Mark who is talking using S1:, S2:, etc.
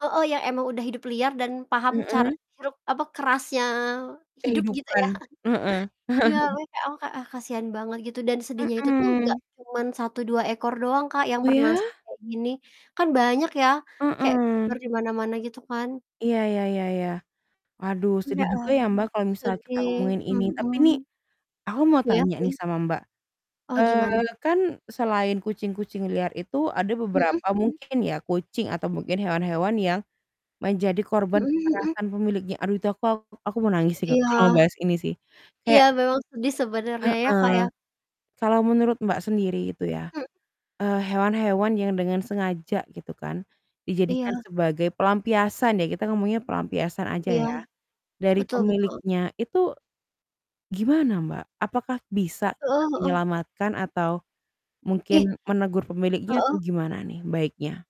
S1: Heeh, ya emang udah hidup liar dan paham car
S2: Mhm?
S1: hirup apa, kerasnya hidup, gitu ya.
S2: Kehidupan, heeh.
S1: Iya, makanya aku kayak, "Ah, kasihan banget," gitu. Dan, sedihnya itu tuh nggak
S2: Mhm.
S1: cuman 1, 2 ekor doang, Kak, yang
S2: Oh, ya?
S1: bernasib kayak gini, kan banyak ya, kayak tersebar
S2: Heeh.
S1: di mana-mana, gitu kan.
S2: Iya iya iya iya. Waduh,
S1: Ya
S2: sedih juga
S1: ampun,
S2: ya, Mbak, kalau misalnya kita
S1: sedih
S2: ngomongin ini. Tapi
S1: mhm.
S2: nih, aku mau
S1: Iya
S2: tanya
S1: sih.
S2: nih sama Mbak,
S1: Oh, gimana?
S2: eee, kan selain kucing-kucing liar itu, ada
S1: Mhm
S2: beberapa
S1: mhm.
S2: mungkin ya, kucing atau mungkin hewan-hewan yang menjadi korban
S1: Mhm mhm.
S2: kekerasan pemiliknya, aduh, itu aku aku mau nangis sih,
S1: Iya.
S2: kalau mau bahas ini sih,
S1: Iya,
S2: kayak
S1: memang sedih sebenarnya ya, Kak,
S2: Heeh.
S1: ya.
S2: Kalau menurut Mbak sendiri itu ya,
S1: Mhm.
S2: eee, hewan-hewan yang dengan sengaja gitu kan, dijadikan
S1: Iya.
S2: sebagai pelampiasan ya, kita ngomongnya pelampiasan aja
S1: Iya.
S2: ya, dari
S1: Betul betul.
S2: pemiliknya, itu, gimana Mbak? Apakah bisa kita
S1: Heeh heeh.
S2: menyelamatkan atau
S1: Ih.
S2: mungkin menegur pemiliknya, atau
S1: Heeh.
S2: gimana nih, baiknya?